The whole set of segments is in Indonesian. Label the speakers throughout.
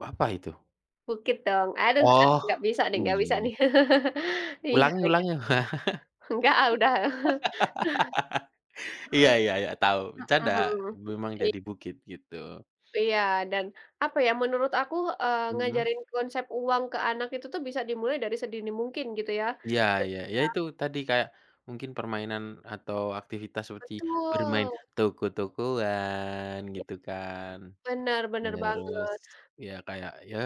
Speaker 1: Apa itu?
Speaker 2: Bukit dong, aduh ak
Speaker 1: Oh,
Speaker 2: nggak bisa deh, nggak bisa
Speaker 1: iya.
Speaker 2: nih. Iya,
Speaker 1: Ulangi
Speaker 2: kayak
Speaker 1: ulangi.
Speaker 2: gitu. Enggak ah, udah.
Speaker 1: Iya iya iya, tahu, bercanda.
Speaker 2: Mhm.
Speaker 1: Memang
Speaker 2: Iya.
Speaker 1: jadi bukit, gitu.
Speaker 2: Iya, dan apa ya, menurut aku, eee,
Speaker 1: Mhm.
Speaker 2: ngajarin konsep uang ke anak itu tuh, bisa dimulai dari sedini mungkin gitu ya,
Speaker 1: Iya iya, ya
Speaker 2: ketika
Speaker 1: itu tadi, kayak mungkin permainan atau aktivitas seperti bermain
Speaker 2: Betul.
Speaker 1: toko-tokoan gitu kan.
Speaker 2: Bener, bener
Speaker 1: Terus,
Speaker 2: banget.
Speaker 1: ya kayak, ya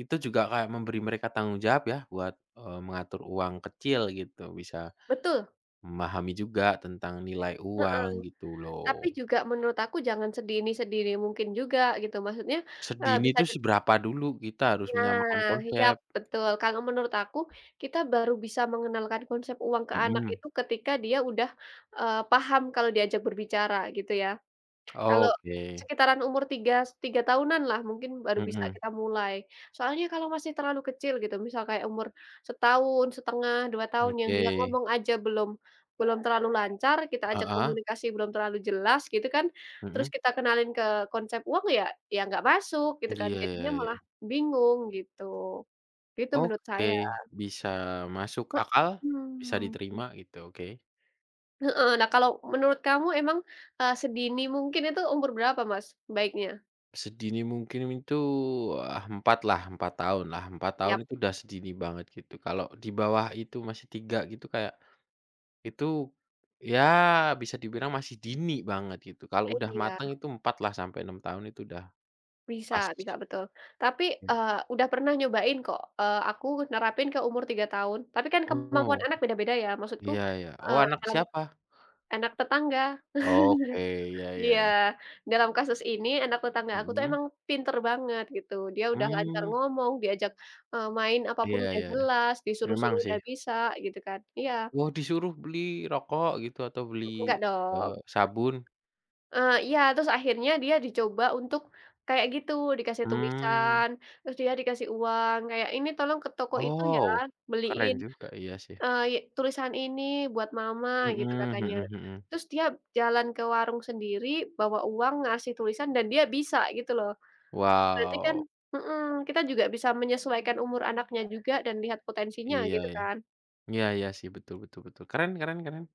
Speaker 1: itu juga kayak memberi mereka tanggung jawab ya, buat, eee, mengatur uang kecil gitu, bisa
Speaker 2: Betul.
Speaker 1: memahami juga tentang nilai
Speaker 2: Heeh,
Speaker 1: uang gitu
Speaker 2: tapi
Speaker 1: loh.
Speaker 2: juga menurut aku jangan sedini-sedini mungkin juga gitu, maksudnya, eee,
Speaker 1: Sedini
Speaker 2: bisa
Speaker 1: tuh
Speaker 2: di
Speaker 1: seberapa dulu, kita harus menyamakan
Speaker 2: Nah, yap,
Speaker 1: konsep.
Speaker 2: betul. Kalau menurut aku, kita baru bisa mengenalkan konsep uang ke anak
Speaker 1: Mhm.
Speaker 2: itu ketika dia udah, eee, paham kalau diajak berbicara gitu ya. Kalau
Speaker 1: Oke.
Speaker 2: sekitaran umur 3 s 3 tahunan lah, mungkin baru bisa
Speaker 1: Mhm.
Speaker 2: kita mulai. Soalnya kalau masih terlalu kecil gitu, misal kayak umur 1,5 2 tahun, yang dia
Speaker 1: Oke.
Speaker 2: ngomong aja belum belum terlalu lancar, kita ajak
Speaker 1: Heeh.
Speaker 2: komunikasi belum terlalu jelas, gitu kan, terus
Speaker 1: Mhm.
Speaker 2: kita kenalin ke konsep uang ya ya gak masuk gitu kan.
Speaker 1: Iya iya
Speaker 2: Jadinya
Speaker 1: iya.
Speaker 2: malah bingung gitu. Itu menurut
Speaker 1: Oke,
Speaker 2: saya.
Speaker 1: bisa masuk akal, bisa
Speaker 2: Mhm.
Speaker 1: diterima gitu, oke.
Speaker 2: Heeh, nah kalau menurut kamu emang, eee, sedini mungkin itu umur berapa Mas, baiknya?
Speaker 1: Sedini mungkin itu ah, 4 lah, 4 tahun lah, 4 tahun
Speaker 2: Yap.
Speaker 1: itu udah sedini banget gitu. Kalau di bawah itu masih 3 gitu, kayak, itu, ya bisa dibilang masih dini banget gitu, kalau udah
Speaker 2: Iya.
Speaker 1: mateng itu 4 lah sampai 6 tahun itu udah
Speaker 2: Bisa
Speaker 1: pas.
Speaker 2: bisa, betul. Tapi,
Speaker 1: Ya.
Speaker 2: eee, udah pernah nyobain kok, eee, aku nerapin ke umur 3 tahun. Tapi kan kemampuan
Speaker 1: Oh.
Speaker 2: anak beda-beda ya, maksudku,
Speaker 1: Iya iya, oh,
Speaker 2: eee,
Speaker 1: anak
Speaker 2: dalam
Speaker 1: siapa?
Speaker 2: anak tetangga.
Speaker 1: Oke, iya
Speaker 2: Iya,
Speaker 1: iya.
Speaker 2: dalam kasus ini anak tetangga aku itu
Speaker 1: Mhm.
Speaker 2: emang pinter banget gitu, dia udah lancar
Speaker 1: Mmm.
Speaker 2: ngomong, diajak, eee, main
Speaker 1: Iya
Speaker 2: apapun udah
Speaker 1: iya iya,
Speaker 2: jelas,
Speaker 1: memang
Speaker 2: disuruh-suruh
Speaker 1: sih.
Speaker 2: udah bisa, gitu kan. Iya.
Speaker 1: Wah, disuruh beli rokok gitu, atau
Speaker 2: Nggak
Speaker 1: beli,
Speaker 2: dong.
Speaker 1: eee, sabun?
Speaker 2: Eee, iya, terus akhirnya dia dicoba untuk kayak gitu, dikasih
Speaker 1: Mmm.
Speaker 2: tulisan, terus dia dikasih uang, kayak, "Ini tolong ke toko itu ya,
Speaker 1: Oh, keren
Speaker 2: beliin,
Speaker 1: juga, iya sih.
Speaker 2: eee, ye tulisan ini buat mama." Gitu
Speaker 1: Mhm
Speaker 2: katanya.
Speaker 1: mhm mhm.
Speaker 2: Terus dia jalan ke warung sendiri bawa uang ngasih tulisan, dan dia bisa gitu loh. Berarti kan
Speaker 1: Wow.
Speaker 2: mhm, kita juga bisa menyesuaikan umur anaknya juga dan lihat potensinya
Speaker 1: Iya,
Speaker 2: gitu
Speaker 1: ya.
Speaker 2: kan.
Speaker 1: Iya iya sih, betul betul betul, keren keren keren.